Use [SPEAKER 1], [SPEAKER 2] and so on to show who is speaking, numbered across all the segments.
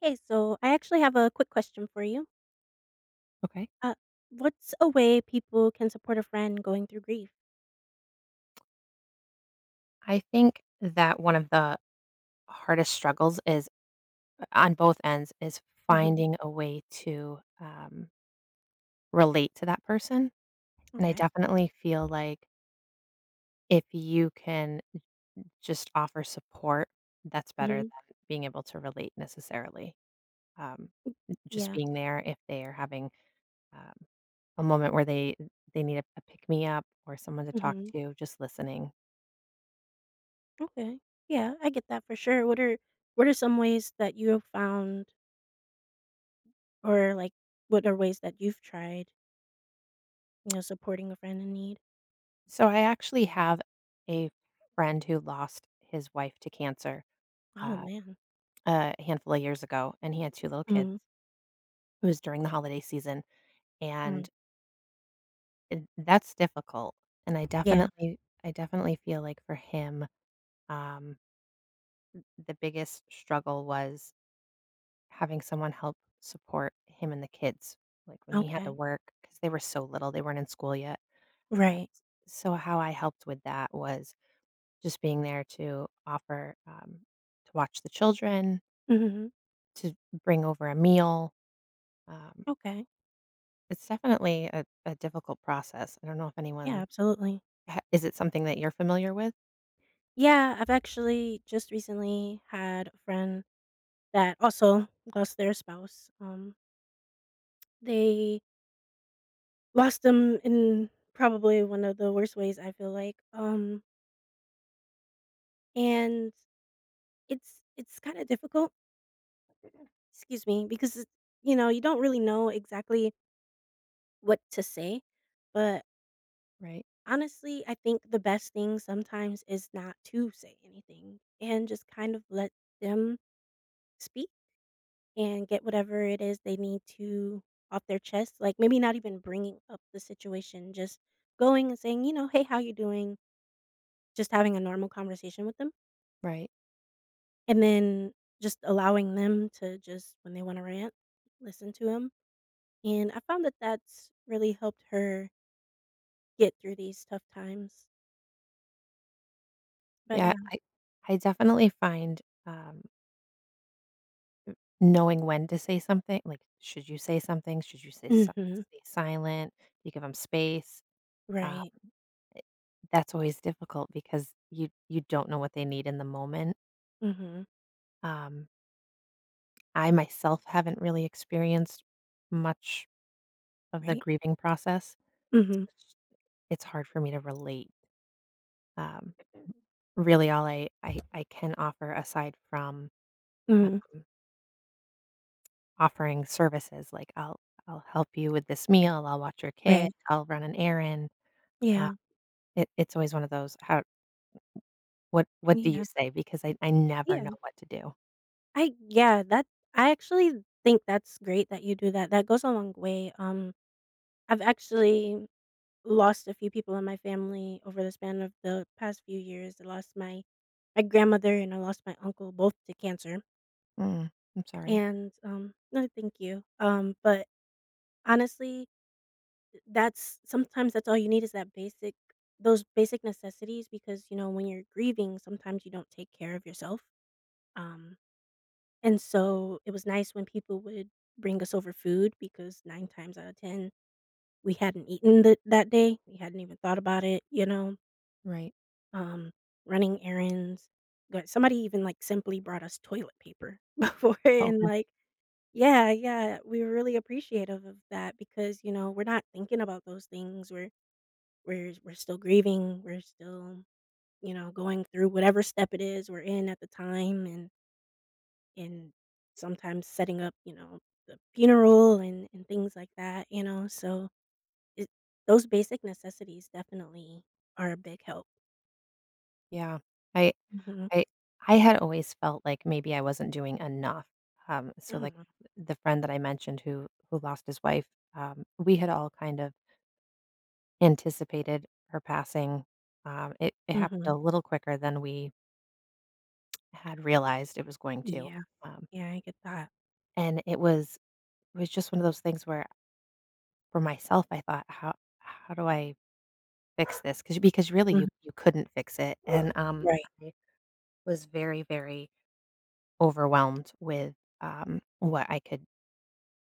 [SPEAKER 1] Hey, so I actually have a quick question for you.
[SPEAKER 2] Okay.
[SPEAKER 1] Uh, what's a way people can support a friend going through grief?
[SPEAKER 2] I think that one of the hardest struggles is on both ends, is
[SPEAKER 1] Mhm.
[SPEAKER 2] finding a way to, um relate to that person, and I
[SPEAKER 1] Okay, yep.
[SPEAKER 2] definitely feel like if you can n n just offer support, that's better than
[SPEAKER 1] Mhm.
[SPEAKER 2] being able to relate necessarily. Um,
[SPEAKER 1] M
[SPEAKER 2] n just
[SPEAKER 1] Yeah.
[SPEAKER 2] being there if they're having, um, a moment where they th they need a p a pick-me-up or someone to talk
[SPEAKER 1] Mhm.
[SPEAKER 2] to, just listening.
[SPEAKER 1] Okay, yeah, I get that for sure. What are what are some ways that you have found or, like, what are ways that you've tried you know, supporting a friend in need?
[SPEAKER 2] So I actually have a friend who lost his wife to cancer,
[SPEAKER 1] Oh,
[SPEAKER 2] uh,
[SPEAKER 1] man.
[SPEAKER 2] a handful of years ago, and he had 2 little kids
[SPEAKER 1] Mhm.
[SPEAKER 2] it was during the holiday season,
[SPEAKER 1] Mm.
[SPEAKER 2] and eh, that's difficult, and I
[SPEAKER 1] Yeah.
[SPEAKER 2] definitely I definitely feel, like, for him, um, m the biggest struggle was having someone help support him and the kids, like, when he had to
[SPEAKER 1] Okay.
[SPEAKER 2] work- 'cause they were so little, they weren't in school yet- uh,
[SPEAKER 1] Right.
[SPEAKER 2] s so how I helped with that was just being there to offer, um, to watch the children
[SPEAKER 1] Mhm.
[SPEAKER 2] to bring over a meal, um
[SPEAKER 1] Okay.
[SPEAKER 2] it's definitely a a difficult process, I don't know if
[SPEAKER 1] Yeah,
[SPEAKER 2] anyone
[SPEAKER 1] absolutely.
[SPEAKER 2] ha is it something that you're familiar with?
[SPEAKER 1] Yeah, I've actually just recently had a friend that also lost their spouse, um they lost them in probably one of the worst ways, I feel like, um and, it's it's kinda difficult Excuse me. Because, you know, you don't really know exactly what to say, but
[SPEAKER 2] Right.
[SPEAKER 1] honestly, I think the best thing sometimes is not to say anything and just kind of let them speak, and get whatever it is they need to off their chest; like, maybe not even bringing up the situation, just going and saying, you know, "Hey, how you doing?" Just having a normal conversation with them.
[SPEAKER 2] Right.
[SPEAKER 1] And then just allowing them to just when they wanna rant, listen to 'em, and I found that that's really helped her get through these tough times. But,
[SPEAKER 2] Yeah.
[SPEAKER 1] yeah.
[SPEAKER 2] I I definitely find, um m knowing when to say somethi like, should you say something, should you say si
[SPEAKER 1] Mhm.
[SPEAKER 2] stay silent, you give 'em space- um,
[SPEAKER 1] Right.
[SPEAKER 2] eh, that's always difficult because you you don't know what they need in the moment.
[SPEAKER 1] Mhm.
[SPEAKER 2] Um I, myself haven't really experienced much of the
[SPEAKER 1] Right.
[SPEAKER 2] grieving process.
[SPEAKER 1] Mhm.
[SPEAKER 2] [unintelligible] It's hard for me to relate. Um, m really, all I I I can offer aside from,
[SPEAKER 1] Mhm.
[SPEAKER 2] um offering services- like, I'll I'll help you with this meal, I'll watch your kid,
[SPEAKER 1] Right.
[SPEAKER 2] I'll run an errand, um,
[SPEAKER 1] Yeah.
[SPEAKER 2] it it's always one of those har m m What what do you
[SPEAKER 1] Yeah.
[SPEAKER 2] say, because I I never know
[SPEAKER 1] Yeah.
[SPEAKER 2] what to do.
[SPEAKER 1] I yeah. That I actually think that's great that you do that, that goes a long way. Um, I've actually lost a few people in my family over the span of the past few years. I lost my my grandmother and I lost my uncle both to cancer.
[SPEAKER 2] Mm. I'm sorry.
[SPEAKER 1] And, um Oh, thank you. Um, but, honestly, that's sometimes that's all you need is that basic those basic necessities because, you know, when you're grieving, sometimes you don't take care of yourself, um, and so it was nice when people would bring us over food because 9 times out of 10, we hadn't eaten th that day, we hadn't even thought about it, you know?
[SPEAKER 2] Right.
[SPEAKER 1] Um, running errands but, somebody even, like, simply brought us toilet paper before
[SPEAKER 2] Oh,
[SPEAKER 1] and,
[SPEAKER 2] really?
[SPEAKER 1] like Yeah, yeah, we were really appreciative of that because, you know, we're not thinking about those things, we're we're s we're still grieving, we're still, you know, going through whatever step it is we're in at the time and and sometimes setting up, you know, the funeral and and things like that, you know, so it those basic necessities definitely are a big help.
[SPEAKER 2] Yeah, I
[SPEAKER 1] Mhm.
[SPEAKER 2] I I had always felt, like, maybe I wasn't doing enough, um, so, like,
[SPEAKER 1] Aw.
[SPEAKER 2] th the friend that I mentioned who who lost his wife, um, we had all kind of anticipated her passing, um, it it happened a
[SPEAKER 1] Mhm.
[SPEAKER 2] little quicker than we had realized it was going to,
[SPEAKER 1] Yeah.
[SPEAKER 2] um
[SPEAKER 1] Yeah, I get that.
[SPEAKER 2] And it was it was just one of those things where for myself, I thought, "How how do I fix this?" 'Cause because really, you
[SPEAKER 1] Mhm.
[SPEAKER 2] you couldn't fix it, and um,
[SPEAKER 1] Right.
[SPEAKER 2] I was very, very overwhelmed with, um, what I could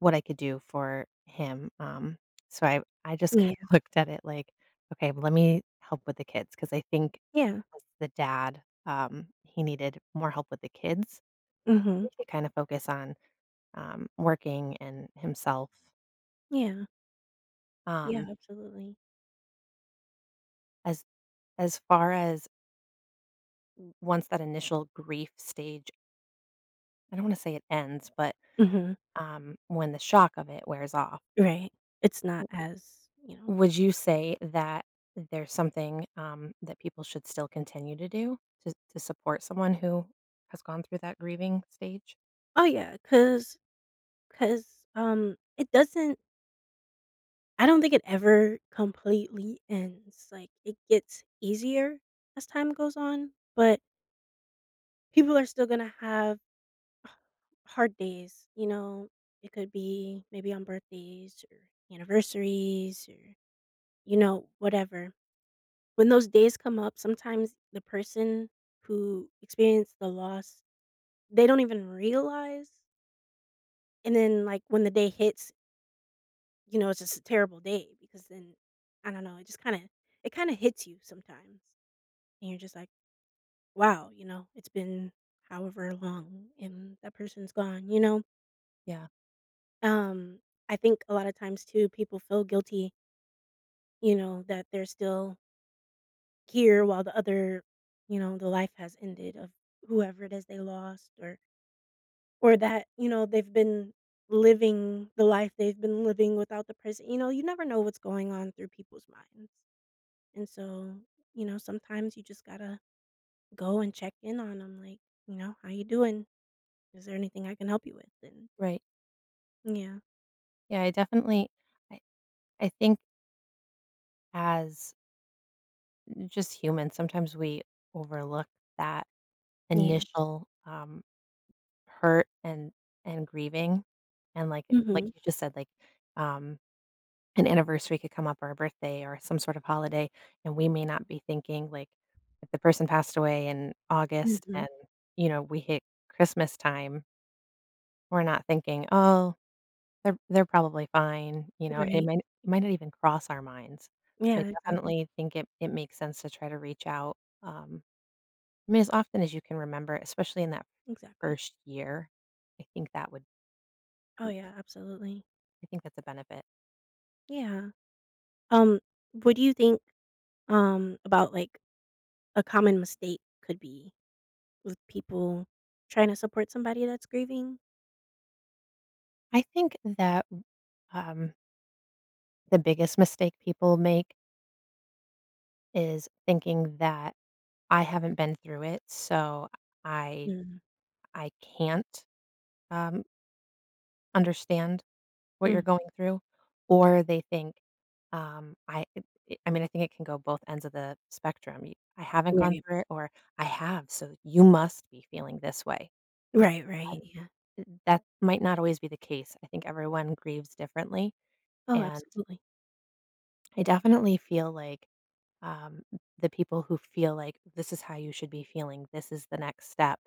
[SPEAKER 2] what I could do for him, um, so I I just kind
[SPEAKER 1] Yeah.
[SPEAKER 2] of looked at it like, "Okay, lemme help with the kids," 'cause I think
[SPEAKER 1] Yeah.
[SPEAKER 2] the dad, um, he needed more help with the kids.
[SPEAKER 1] Mhm.
[SPEAKER 2] [unintelligible] could kinda focus on, um, working and himself.
[SPEAKER 1] Yeah. Yeah,
[SPEAKER 2] Um
[SPEAKER 1] absolutely.
[SPEAKER 2] as as far as O once that initial grief stage I don't wanna say it ends, but,
[SPEAKER 1] Mhm.
[SPEAKER 2] um, when the shock of it wears off
[SPEAKER 1] Right. It's not
[SPEAKER 2] W
[SPEAKER 1] as, you know,
[SPEAKER 2] would you
[SPEAKER 1] [unintelligible]
[SPEAKER 2] say that there's something, um, that people should still continue to do? To to support someone who has gone through that grieving stage?
[SPEAKER 1] Oh, yeah, 'cause 'cause, um, it doesn't I don't think it ever completely ends, like, it gets easier as time goes on, but people are still gonna have hard days, you know? It could be maybe on birthdays or anniversaries or, you know, whatever. When those days come up, sometimes the person who experienced the loss, they don't even realize and then, like, when the day hits you know, it's just a terrible day because then I don't know, it just kinda it kinda hits you sometimes. And you're just like, "Wow," you know, "it's been however long, and that person's gone," you know?
[SPEAKER 2] Yeah.
[SPEAKER 1] Um, I think a lotta times too, people feel guilty you know, that they're still here while the other you know, the life has ended of whoever it is they lost or or that, you know, they've been living the life they've been living without the person you know, you never know what's going on through people's minds, and so, you know, sometimes you just gotta go and check in on 'em, like, you know, "How you doing? Is there anything I can help you with, and"
[SPEAKER 2] Right.
[SPEAKER 1] Yeah.
[SPEAKER 2] Yeah, I definitely I I think as just humans, sometimes we overlook that
[SPEAKER 1] Yeah.
[SPEAKER 2] initial, um, hurt and and grieving, and like like
[SPEAKER 1] Mhm.
[SPEAKER 2] you just said, like, um, an anniversary could come up or a birthday or some sort of holiday, and we may not be thinking, like, if the person passed away in August and,
[SPEAKER 1] Mhm.
[SPEAKER 2] you know, we hit Christmastime we're not thinking, "Oh, they're they're probably fine," you know, it
[SPEAKER 1] Right.
[SPEAKER 2] might n it might not even cross our minds, so I
[SPEAKER 1] Yeah, exactly.
[SPEAKER 2] definitely think it it makes sense to try to reach out, um, mean, as often as you can remember, especially in that
[SPEAKER 1] Exactly.
[SPEAKER 2] first year, I think that would
[SPEAKER 1] Oh,
[SPEAKER 2] m
[SPEAKER 1] yeah, absolutely.
[SPEAKER 2] I think that's a benefit.
[SPEAKER 1] Yeah. Um, what do you think, um, about, like, a common mistake could be with people trying to support somebody that's grieving?
[SPEAKER 2] I think that, w um the biggest mistake people make is thinking that I haven't been through it, so I
[SPEAKER 1] Mm.
[SPEAKER 2] I can't, um understand what you're
[SPEAKER 1] Mm.
[SPEAKER 2] going through. Or they think, um, I i i I mean, I think it can go both ends of the spectrum: "Y I haven't gone
[SPEAKER 1] Right.
[SPEAKER 2] through it," or "I have, so you must be feeling this way."
[SPEAKER 1] Right, right.
[SPEAKER 2] Um
[SPEAKER 1] Yeah.
[SPEAKER 2] th that might not always be the case. I think everyone grieves differently.
[SPEAKER 1] Oh,
[SPEAKER 2] And
[SPEAKER 1] absolutely.
[SPEAKER 2] I definitely feel like, um, the people who feel like "this is how you should be feeling, this is the next step,"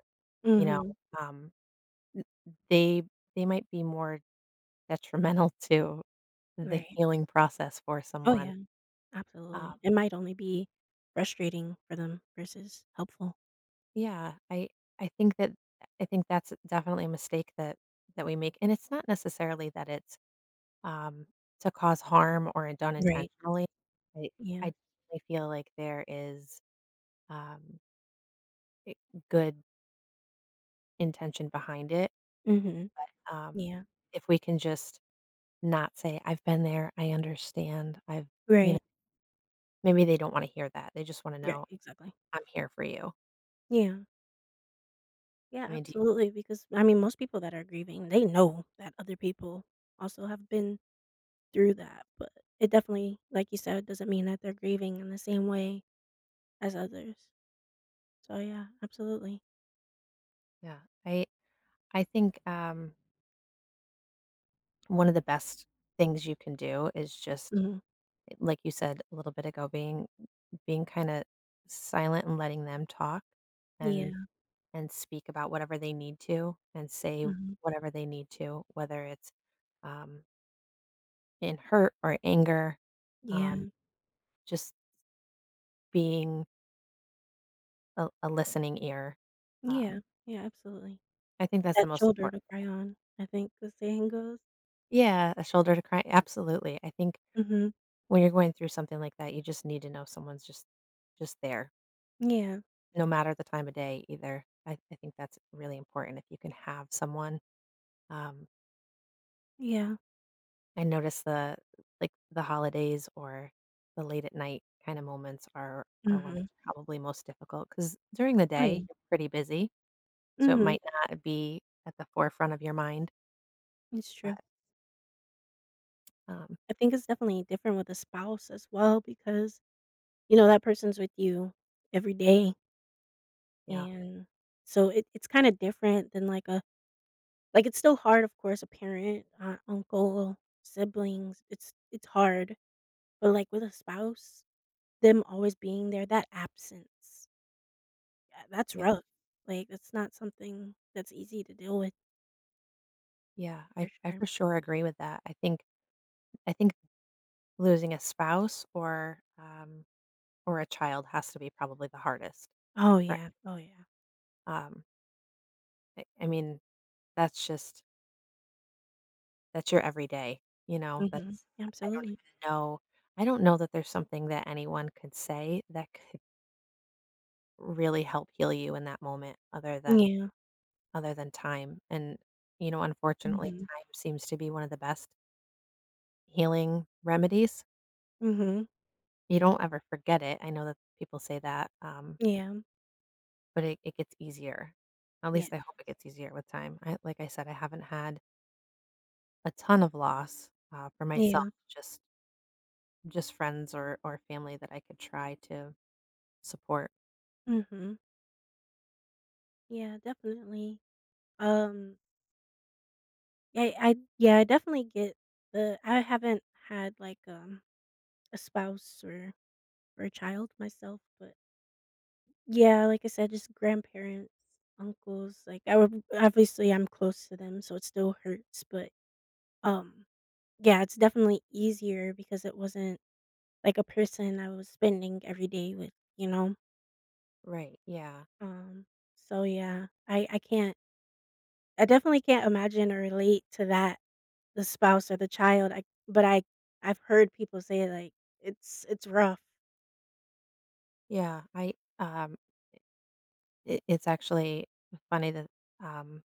[SPEAKER 2] you know,
[SPEAKER 1] Mhm.
[SPEAKER 2] um m they they might be more detrimental to the
[SPEAKER 1] Right.
[SPEAKER 2] healing process for
[SPEAKER 1] Oh,
[SPEAKER 2] someone.
[SPEAKER 1] yeah.
[SPEAKER 2] Um
[SPEAKER 1] Absolutely. It might only be frustrating for them versus helpful.
[SPEAKER 2] Yeah, I I think that I think that's definitely a mistake that that we make, and it's not necessarily that it's, um, to cause harm or done
[SPEAKER 1] Right.
[SPEAKER 2] intentionally, I I
[SPEAKER 1] Yeah.
[SPEAKER 2] I feel like there is, um eh good intention behind it,
[SPEAKER 1] Mhm.
[SPEAKER 2] but, um,
[SPEAKER 1] Yeah.
[SPEAKER 2] if we can just not say, "I've been there, I understand, I've" you kn
[SPEAKER 1] Right.
[SPEAKER 2] maybe they don't wanna hear that, they just wanna
[SPEAKER 1] Right,
[SPEAKER 2] know,
[SPEAKER 1] exactly.
[SPEAKER 2] "I'm here for you."
[SPEAKER 1] Yeah. Yeah,
[SPEAKER 2] I mean, do
[SPEAKER 1] absolutely, because I mean, most people that are grieving, they know that other people also have been through that, but it definitely, like you said, doesn't mean that they're grieving in the same way as others. So, yeah, absolutely.
[SPEAKER 2] Yeah, I I think, um one of the best things you can do is just,
[SPEAKER 1] Mhm.
[SPEAKER 2] like you said little bit ago, being being kinda silent and letting them talk and
[SPEAKER 1] Yeah.
[SPEAKER 2] and speak about whatever they need to and say
[SPEAKER 1] Mhm.
[SPEAKER 2] whatever they need to, whether it's, um in hurt or anger,
[SPEAKER 1] Yeah.
[SPEAKER 2] um, just being a l a listening ear, um
[SPEAKER 1] Yeah, yeah, absolutely.
[SPEAKER 2] I think that's the
[SPEAKER 1] "That
[SPEAKER 2] most
[SPEAKER 1] shoulder
[SPEAKER 2] important.
[SPEAKER 1] to cry on," I think, the saying goes.
[SPEAKER 2] Yeah, a shoulder to cry absolutely, I think
[SPEAKER 1] Mhm.
[SPEAKER 2] when you're going through something like that, you just need to know someone's just just there.
[SPEAKER 1] Yeah.
[SPEAKER 2] No matter the time of day, either. I I think that's really important if you can have someone, um
[SPEAKER 1] Yeah.
[SPEAKER 2] I noticed the like, the holidays or the late at night kinda moments are are when
[SPEAKER 1] Mhm.
[SPEAKER 2] it's probably most difficult, 'cause during the
[SPEAKER 1] Oh,
[SPEAKER 2] day,
[SPEAKER 1] yeah.
[SPEAKER 2] you're pretty busy, so it
[SPEAKER 1] Mhm.
[SPEAKER 2] might not be at the forefront of your mind.
[SPEAKER 1] It's
[SPEAKER 2] But
[SPEAKER 1] true.
[SPEAKER 2] Um
[SPEAKER 1] I think it's definitely different with a spouse as well because, you know, that person's with you every day
[SPEAKER 2] Yeah.
[SPEAKER 1] and so, it it's kinda different than like a like, it's still hard, of course, a parent, or an uncle, siblings, it's it's hard- but, like, with a spouse, them always being there, that absence ah, that's
[SPEAKER 2] Yeah.
[SPEAKER 1] rough, like, it's not something that's easy to deal with.
[SPEAKER 2] Yeah. I
[SPEAKER 1] For
[SPEAKER 2] I
[SPEAKER 1] sure.
[SPEAKER 2] for sure agree with that. I think I think losing a spouse or, um, or a child has to be probably the hardest.
[SPEAKER 1] Oh,
[SPEAKER 2] Ri
[SPEAKER 1] yeah, oh, yeah.
[SPEAKER 2] Um I I mean, that's just that's your every day, you know?
[SPEAKER 1] Mhm,
[SPEAKER 2] That's I don't
[SPEAKER 1] absolutely.
[SPEAKER 2] even know I don't know that there's something that anyone could say that could really help heal you in that moment other
[SPEAKER 1] Mm,
[SPEAKER 2] than
[SPEAKER 1] yeah.
[SPEAKER 2] other than time, and, you know, unfortunately,
[SPEAKER 1] Mhm.
[SPEAKER 2] time seems to be one of the best healing remedies.
[SPEAKER 1] Mhm.
[SPEAKER 2] You don't ever forget it, I know that people say that, um
[SPEAKER 1] Yeah.
[SPEAKER 2] but it it gets easier. At
[SPEAKER 1] Yes.
[SPEAKER 2] least I hope it gets easier with time. I like I said, I haven't had a ton of loss, uh, for myself,
[SPEAKER 1] Yeah.
[SPEAKER 2] just just friends or or family that I could try to support.
[SPEAKER 1] Mhm. Yeah, definitely. Um ye I yeah, I definitely get the I haven't had, like, um, a spouse or or a child myself, but Yeah, like I said, just grandparents, uncles, like, I wa obviously, I'm close to them, so it still hurts, but, um, yeah, it's definitely easier because it wasn't, like, a person I was spending every day with, you know?
[SPEAKER 2] Right, yeah.
[SPEAKER 1] Um, so, yeah, I I can't I definitely can't imagine or relate to that- the spouse or the child- I but I I've heard people say, like, it's it's rough.
[SPEAKER 2] Yeah, I, um i it's actually f funny that, um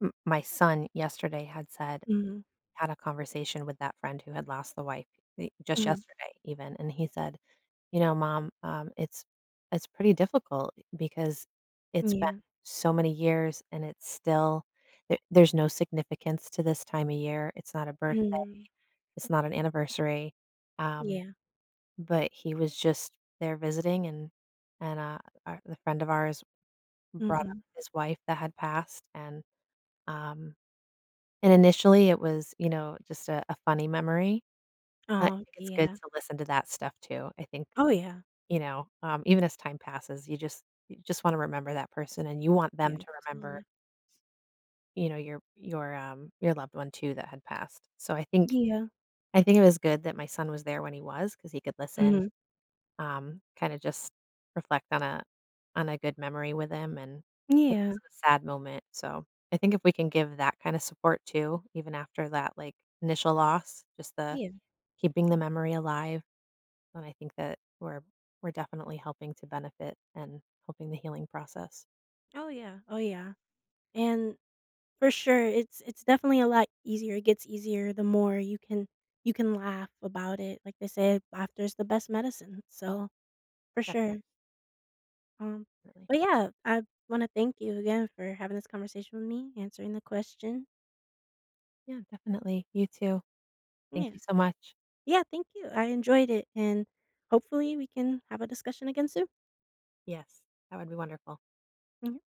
[SPEAKER 2] m my son yesterday had said
[SPEAKER 1] Mhm.
[SPEAKER 2] had a conversation with that friend who had lost the wife, eh, just
[SPEAKER 1] Mhm.
[SPEAKER 2] yesterday even, and he said, "You know, mom, um, it's it's pretty difficult because
[SPEAKER 1] Mm,
[SPEAKER 2] it's been
[SPEAKER 1] yeah.
[SPEAKER 2] so many years and it's still th there's no significance to this time of year, it's not a birthday,
[SPEAKER 1] Mhm.
[SPEAKER 2] it's not an anniversary," um,
[SPEAKER 1] Yeah.
[SPEAKER 2] but he was just there visiting and and a the friend of ours brought up
[SPEAKER 1] Mhm.
[SPEAKER 2] his wife that had passed, and, um and initially it was, you know, just a a funny memory, I
[SPEAKER 1] Oh,
[SPEAKER 2] think it's good
[SPEAKER 1] yeah.
[SPEAKER 2] to listen to that stuff too, I think,
[SPEAKER 1] Oh, yeah.
[SPEAKER 2] you know, um, even as time passes, you just you just want to remember that person and you want them
[SPEAKER 1] Yeah,
[SPEAKER 2] to remember
[SPEAKER 1] absolutely.
[SPEAKER 2] you know, your your, um, your loved one too that had passed, so I think
[SPEAKER 1] Yeah.
[SPEAKER 2] I think it was good that my son was there when he was 'cause he could listen,
[SPEAKER 1] Mhm.
[SPEAKER 2] um, kinda just reflect on a on a good memory with him, and it
[SPEAKER 1] Yeah.
[SPEAKER 2] wasn't a sad moment, so, I think if we can give that kind of support too, even after that, like, initial loss, just the
[SPEAKER 1] Yeah.
[SPEAKER 2] keeping the memory alive, then I think that we're we're definitely helping to benefit and helping the healing process.
[SPEAKER 1] Oh, yeah, oh, yeah. And, for sure, it's it's definitely a lot easier, it gets easier the more you can you can laugh about it, like they say, "Laughter is the best medicine," so, for
[SPEAKER 2] Definite
[SPEAKER 1] sure. Um,
[SPEAKER 2] Really.
[SPEAKER 1] but yeah, I wanna thank you again for having this conversation with me, answering the question.
[SPEAKER 2] Yeah, definitely, you too. Thank
[SPEAKER 1] Yeah.
[SPEAKER 2] you so much.
[SPEAKER 1] Yeah, thank you, I enjoyed it, and hopefully we can have a discussion again soon.
[SPEAKER 2] Yes. That would be wonderful.
[SPEAKER 1] Mhm.